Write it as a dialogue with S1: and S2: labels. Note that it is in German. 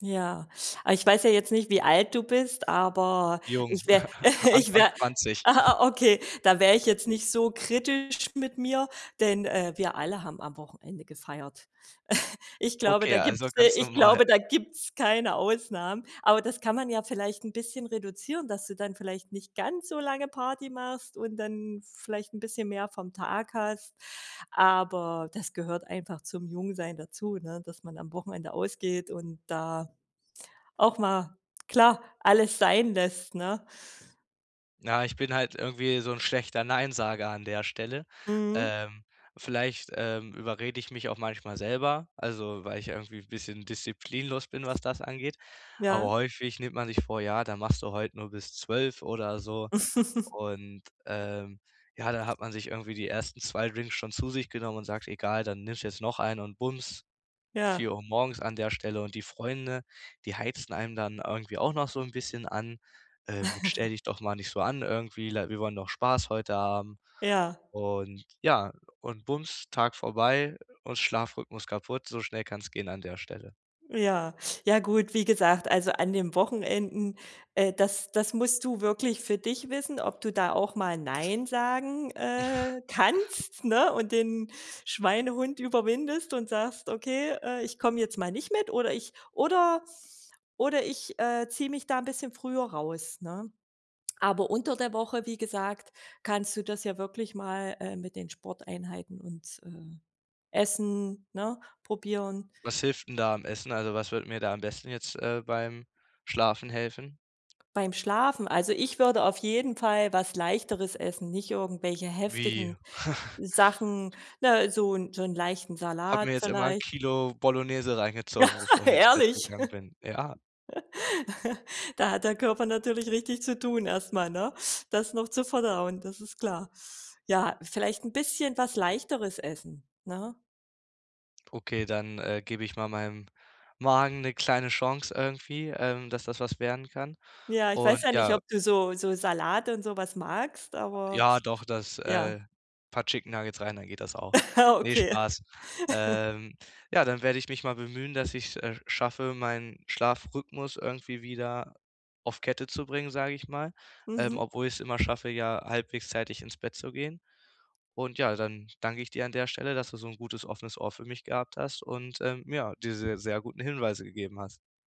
S1: Ja, aber ich weiß ja jetzt nicht, wie alt du bist, aber
S2: Jung,
S1: ich wäre ich
S2: Anfang
S1: wäre
S2: 20.
S1: aha, okay, da wäre ich jetzt nicht so kritisch mit mir, denn, äh, wir alle haben am Wochenende gefeiert. Ich glaube,
S2: Okay,
S1: da
S2: also
S1: gibt's, äh
S2: ganz
S1: ich
S2: normal.
S1: glaube, da gibt's keine Ausnahmen. Aber das kann man ja vielleicht 'n bisschen reduzieren, dass du dann vielleicht nicht ganz so lange Party machst und dann vielleicht 'n bisschen mehr vom Tag hast. Aber das gehört einfach zum Jungsein dazu, ne? Dass man am Wochenende ausgeht und da auch mal, klar, alles sein lässt, ne?
S2: Na, ich bin halt irgendwie so 'n schlechter Nein-Sager an der Stelle.
S1: Mhm.
S2: Ähm, vielleicht, ähm, überrede ich mich auch manchmal selber, also, weil ich irgendwie n' bisschen disziplinlos bin, was das angeht. Aber
S1: Ja.
S2: häufig nimmt man sich vor, ja, da machst du heute nur bis 12 oder so. Und, ähm, ja, dann hat man sich irgendwie die ersten 2 Drinks schon zu sich genommen und sagt: „Egal, dann nimmst du jetzt noch einen” und bums,
S1: Ja.
S2: 4:00 morgens an der Stelle. Und die Freunde, die heizen einem dann irgendwie auch noch so 'n bisschen an, ähm, mit: „Stell dich doch mal nicht so an irgendwie, le wir wollen doch Spaß heute haben.”
S1: Ja.
S2: Und, ja und bums, Tag vorbei, und Schlafrhythmus kaputt, so schnell kann's gehen an der Stelle.
S1: Ja, ja gut, wie gesagt, also an den Wochenenden, äh, das das musst du wirklich für dich wissen, ob du da auch mal nein sagen, äh, kannst, ne? Und den Schweinehund überwindest und sagst: „Okay, äh, ich komme jetzt mal nicht mit oder ich oder oder ich, äh, ziehe mich da 'n bisschen früher raus”, ne? Aber unter der Woche, wie gesagt, kannst du das ja wirklich mal, äh, mit den Sporteinheiten und, ähm, Essen, ne, probieren.
S2: Was hilft 'n da am Essen? Also, was würde mir da am besten jetzt, äh, beim Schlafen helfen?
S1: Beim Schlafen? Also, ich würde auf jeden Fall was Leichteres essen, nicht irgendwelche
S2: Wie?
S1: heftigen Sachen. Ne, so 'n so 'n leichten
S2: Habe
S1: Salat
S2: mir jetzt immer 'n
S1: vielleicht.
S2: Kilo Bolognese reingezogen, bevor ich ins Bett
S1: Ehrlich?
S2: gegangen bin. Ja.
S1: Da hat der Körper natürlich richtig zu tun erstmal, ne? Das noch zu verdauen, das ist klar. Ja, vielleicht 'n bisschen was Leichteres essen, ne?
S2: Okay, dann, äh, gebe ich mal meinem Magen 'ne kleine Chance irgendwie, ähm, dass das was werden kann
S1: Ja, ich weiß
S2: und
S1: ja nicht,
S2: ja
S1: ob du so so Salat und so was magst, aber
S2: Ja, doch, das
S1: ja.
S2: äh, paar Chicken Nuggets rein, dann geht das auch.
S1: Ja,
S2: Ne,
S1: okay.
S2: Spaß. Ähm, ja, dann werde ich mich mal bemühen, dass ich es, äh, schaffe, meinen Schlafrhythmus irgendwie wieder auf Kette zu bringen, sage ich mal, ähm,
S1: Mhm.
S2: obwohl ich es immer schaffe, ja, halbwegs zeitig ins Bett zu gehen. Und ja, dann danke ich dir an der Stelle, dass du so 'n gutes offenes Ohr für mich gehabt hast und, ähm, ja, diese sehr guten Hinweise gegeben hast.